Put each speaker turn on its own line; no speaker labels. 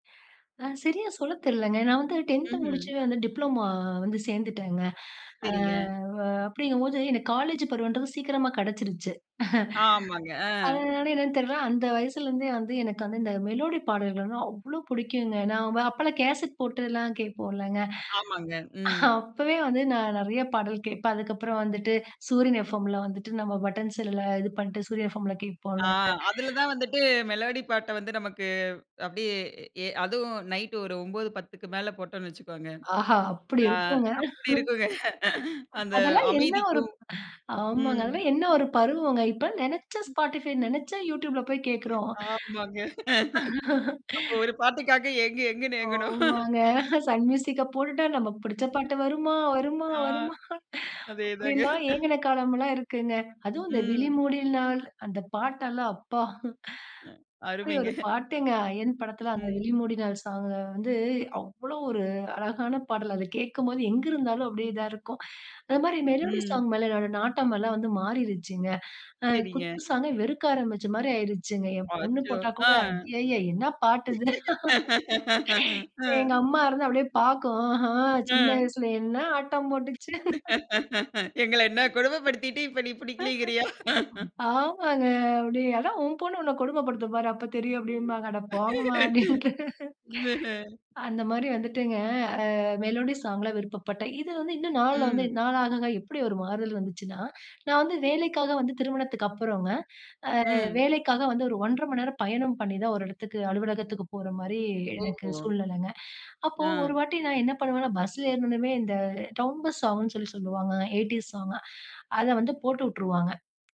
ஆ சரியா சொல்ல தெரியலங்க. நா வந்து டென்த் முடிச்சு
ம்ஹ்ம்.
வந்து டிப்ளோமோ வந்து சேந்துட்டேங்க. ஆ
சரிங்க.
ஆ அப்டிங்கும் போது எனக்கு காலேஜ் பருவம்ன்றது சீக்கிரமா கெடச்சுருச்சு.
ஆமாங்க, ஆ.
அதனாலயா என்னன்னு தெர்ல, அந்த வயசுல இருந்தே வந்து எனக்கு வந்து இந்த மெலோடி பாடல்கள்னா அவ்ளோ பிடிக்குங்க. நா வ அப்பெல்லாம் கேசட் போட்டெல்லாம் கேட்போல்லங்க.
ஆமாங்க, ம்.
அப்பவே வந்து நா நிறைய பாடல் கேப்பேன். அதுக்கப்புறம் வந்துட்டு, சூரியன் எஃப்எம்ல வந்துட்டு, நம்ம பட்டன் செல்லுல இது பண்ட்டு சூரிய எஃப்எம்
ஆ.
கேப்போலங்க.
அதில தா வந்துட்டு மெலோடி பாட்ட வந்து நமக்கு அப்டியே ஏ அதுவும் நைட் ஒரு 9 10க்கு மேல போட்டோன்னு வச்சுக்கோங்க.
ஆஹா! அப்டி
ஆ
இருக்குங்க.
அப்டி இருக்குங்க. அந்த
அதெல்லாம் என்ன ஒரு
அமைதிக்கும்
ஆமாங்க.
ம்.
அதெல்லாம் என்ன ஒரு பருவங்க! இப்பலாம் நினச்சா
ம்.
ஸ்பாட்டிஃபை,
ம்.
நினச்சா youtubeல போய் கேக்குறோம்.
ஆமாங்க. அப்போ ஒரு பாட்டுக்காக ஏங்கு, ஏங்குனு ஏங்கணும்.
ஆமாங்க. சன் மியூசிக்க போட்டுட்டா, நமக்கு பிடிச்ச பாட்டு வருமா? வருமா?
ஆ.
வருமா?
அதேதாங்க.
அப்டியெல்லாம் ஏங்குன காலமெல்லாம் இருக்குங்க. அதுவும் இந்த
ம்.
விழிமூடில் நாள், அந்த பாட்டு எல்லாம் அப்பா! அப்டி
அருமைங்க.
ஒரு பாட்டுங்க, அயன் படத்தில அந்த
ம்.
விழிமூடினால் சாங் அ வந்து, அவ்வளவு ஒரு அழகான பாடல். அதை கேட்கும்போது எங்கு இருந்தாலும் அப்டியே இதா இருக்கும். அத மாரி மெலோடி
ம்.
சாங் மேல என்னோட நாட்டமெல்லாம் வந்து மாறிருச்சுங்க. ஆ
சேரிங்க.
குத்து சாங்க வெறுக்க ஆரம்பிச்ச மாரி ஆயிருச்சுங்க. என் பொண்ணு
அச்சோ!
போட்டா கூட,
ஆ.
ஐய்யய்ய! என்ன பாட்டு இது!
ஆ.
எங்க அம்மா இருந்து அப்டியே பாக்கும். ஆஹ! சின்ன
ஆ.
வயசுல என்ன ஆட்டம் போட்டுச்சு.
எங்கள என்ன கொடுமை படுத்திட்டு இப்ப நீ புடிக்கிலீங்கிரியா?
ஆமாங்க. அப்டி, அதான் உன் பொண்ணு உன்ன கொடுமை படுத்தும் பாரு! அப்ப தெரியும் அப்டிம்பாங்க. அட போங்கம்மா! அப்டின்ட்டு.
ம்ஹம்.
அந்த மாரி வந்துட்டுங்க, ஆ மெலோடி சாங்ல விருப்பப்பட்ட. இது வந்து இன்னும் நாள்ல வந்து
ம்.
நாளாகாக, எப்டி ஒரு மாறுதல் வந்துச்சுன்னா, நா வந்து வேலைக்காக வந்து திருமணத்துக்கு அப்புறங்க, ஆ
ம்.
வேலைக்காக வந்து ஒரு 1 1/2 மணி நேரம் பயணம் பண்ணிதான் ஒரு இடத்துக்கு அலுவலகத்துக்கு போற மாரி, எனக்கு
ஓஹோ.
சூழ்நிலைங்க. அப்போ
ஆ.
ஒரு வாட்டி நா என்ன பண்ணுவேன்னா, பஸ்ஸில ஏறின உடனமே, இந்த டவுன் பஸ் சாங்குன்னு சொல்லி சொல்லுவாங்க, எய்டீஸ் சாங்க அதை வந்து போட்டு உட்டுருவாங்க.